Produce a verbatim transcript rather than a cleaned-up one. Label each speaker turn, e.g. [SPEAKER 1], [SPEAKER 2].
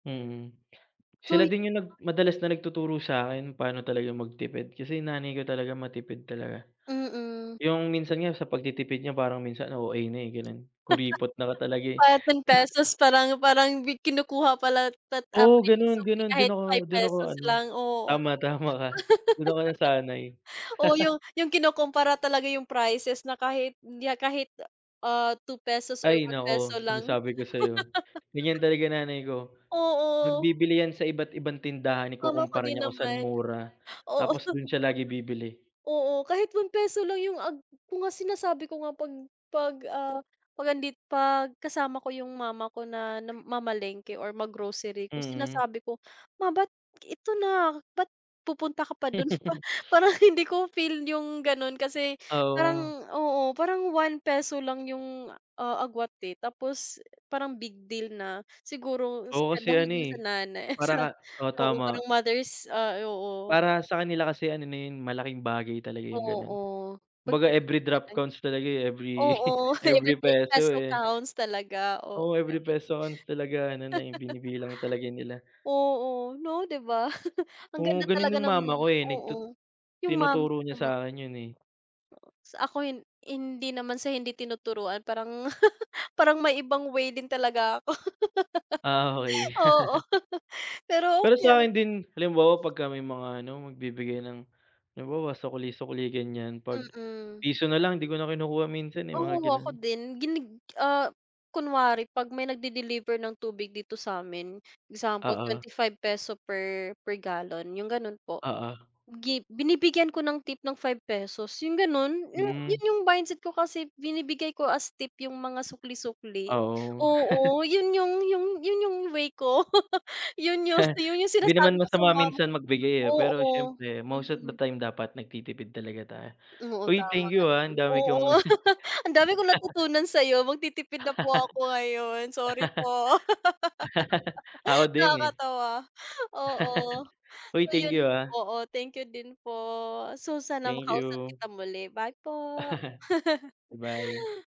[SPEAKER 1] Mhm.
[SPEAKER 2] So, hi
[SPEAKER 1] Sila din yung nag madalas na nagtuturo sa akin pa'no talaga magtipid. Kasi nanay ko, talaga matipid talaga.
[SPEAKER 2] Mm.
[SPEAKER 1] Yung, minsan nga sa pagtitipid niya parang minsan O-A na, eh, gano'n. Kuripot na nga talaga, eh.
[SPEAKER 2] Parang ten pesos parang, parang bi kinukuha pala talaga
[SPEAKER 1] Oo,
[SPEAKER 2] natin yung
[SPEAKER 1] gano'n,
[SPEAKER 2] sukli
[SPEAKER 1] gano'n. Do'n
[SPEAKER 2] kahit
[SPEAKER 1] ako,
[SPEAKER 2] five
[SPEAKER 1] do'n ako
[SPEAKER 2] pesos
[SPEAKER 1] ano,
[SPEAKER 2] lang, oo.
[SPEAKER 1] tama, tama ka, do'n ako nasanay.
[SPEAKER 2] Oo yung yung kinukumpara talaga yung prices na kahit, 'di a kahit ah, two pesos or
[SPEAKER 1] Ay
[SPEAKER 2] one
[SPEAKER 1] naku,
[SPEAKER 2] peso lang.
[SPEAKER 1] sinasabi ko sa'yo, ganiyan talaga nanay ko. 'Pag
[SPEAKER 2] Oo.
[SPEAKER 1] bibili 'yan sa iba't ibang tindahan
[SPEAKER 2] Mama ko
[SPEAKER 1] ikukumpara
[SPEAKER 2] din
[SPEAKER 1] niya kung sa'n
[SPEAKER 2] naman.
[SPEAKER 1] mura.
[SPEAKER 2] Oo.
[SPEAKER 1] Tapos do'n siya lagi bibili.
[SPEAKER 2] Oo kahit one peso lang yung ag ko nga sinasabi ko nga 'pag 'pag, ah, 'pag nandit 'pag kasama ko yung mama ko na nam mamalengke or mag-grocery ko
[SPEAKER 1] Mm.
[SPEAKER 2] sinasabi ko "Ma bakit, ito na. Bakit pupunta ka pa do'n" Pa parang hindi ko feel yung gano'n kasi
[SPEAKER 1] Ah,
[SPEAKER 2] parang
[SPEAKER 1] oo.
[SPEAKER 2] oo, parang one peso lang yung, ah, agwat, eh, tapos parang big deal na. Siguro
[SPEAKER 1] Oo kasi
[SPEAKER 2] dahil
[SPEAKER 1] ano,
[SPEAKER 2] nga sa
[SPEAKER 1] eh,
[SPEAKER 2] nanay
[SPEAKER 1] para
[SPEAKER 2] sa
[SPEAKER 1] ka oo
[SPEAKER 2] oo
[SPEAKER 1] tama.
[SPEAKER 2] parang mothers ah, oo.
[SPEAKER 1] Para sa kanila kasi ano na yun malaking bagay talaga yung gano'n.
[SPEAKER 2] Oo
[SPEAKER 1] Kumbaga, every
[SPEAKER 2] pagtitipid
[SPEAKER 1] drop
[SPEAKER 2] [unintelligible]
[SPEAKER 1] counts talaga, eh, every
[SPEAKER 2] oo, every
[SPEAKER 1] every
[SPEAKER 2] pe
[SPEAKER 1] peso,
[SPEAKER 2] peso
[SPEAKER 1] eh.
[SPEAKER 2] counts talaga, oo,
[SPEAKER 1] Oo, every
[SPEAKER 2] gano'n.
[SPEAKER 1] peso counts talaga ano na, eh, binibilang talaga nila.
[SPEAKER 2] Oo, 'no 'di ba? ang
[SPEAKER 1] Oo,
[SPEAKER 2] ganda
[SPEAKER 1] gano'n
[SPEAKER 2] talaga
[SPEAKER 1] yung
[SPEAKER 2] ng
[SPEAKER 1] mama ko,
[SPEAKER 2] bunga
[SPEAKER 1] eh. Nagtut
[SPEAKER 2] oo. Yung mama
[SPEAKER 1] tinuturo
[SPEAKER 2] ko
[SPEAKER 1] niya sa
[SPEAKER 2] naman
[SPEAKER 1] akin yun, eh.
[SPEAKER 2] Sa ako hin hindi naman sa hindi tinuturuan. Parang, parang may ibang way din talaga ako.
[SPEAKER 1] Ah, okey.
[SPEAKER 2] Oo pero
[SPEAKER 1] Pero
[SPEAKER 2] okey
[SPEAKER 1] sa
[SPEAKER 2] lang.
[SPEAKER 1] akin din, halimbawa 'pagka may mga ano, magbibigay ng halimbawa sukli-sukli ganyan, 'pag
[SPEAKER 2] Mm.
[SPEAKER 1] piso na lang, 'di ko na kinukuha minsan, eh, mga
[SPEAKER 2] Oo, ako
[SPEAKER 1] gano'n.
[SPEAKER 2] din. Ginig ah, kunwari 'pag may nag-de-deliver ng tubig dito sa'min, example
[SPEAKER 1] Oo.
[SPEAKER 2] twenty-five peso per, per gallon, yung gano'n po.
[SPEAKER 1] Oo.
[SPEAKER 2] Gi binibigyan ko ng tip ng five pesos, yung gano'n, Yu
[SPEAKER 1] Mm.
[SPEAKER 2] yun yung mindset ko, kasi binibigay ko as tip yung mga sukli-sukli
[SPEAKER 1] Oo.
[SPEAKER 2] oo yun yung yung yun yung way ko yun yung si yung
[SPEAKER 1] Hindi naman
[SPEAKER 2] sinasabi ko sa
[SPEAKER 1] masama
[SPEAKER 2] mam
[SPEAKER 1] minsan magbigay, eh, pero
[SPEAKER 2] oo,
[SPEAKER 1] siyempre most of the
[SPEAKER 2] mm.
[SPEAKER 1] time dapat nagtitipid talaga tayo.
[SPEAKER 2] Oo,
[SPEAKER 1] Uy
[SPEAKER 2] tama
[SPEAKER 1] thank
[SPEAKER 2] ka
[SPEAKER 1] you ah, ang
[SPEAKER 2] din.
[SPEAKER 1] dami
[SPEAKER 2] Oo,
[SPEAKER 1] kong
[SPEAKER 2] ang dami kong natutunan sa'yo magtitipid na po ako ngayon, sorry po.
[SPEAKER 1] ako din, eh.
[SPEAKER 2] Nakakatawa, oo.
[SPEAKER 1] Uy,
[SPEAKER 2] So,
[SPEAKER 1] thank
[SPEAKER 2] yun,
[SPEAKER 1] you ha.
[SPEAKER 2] oo thank you din po. So, sana
[SPEAKER 1] Thank
[SPEAKER 2] makausap
[SPEAKER 1] you.
[SPEAKER 2] kita muli, bye po.
[SPEAKER 1] Bye.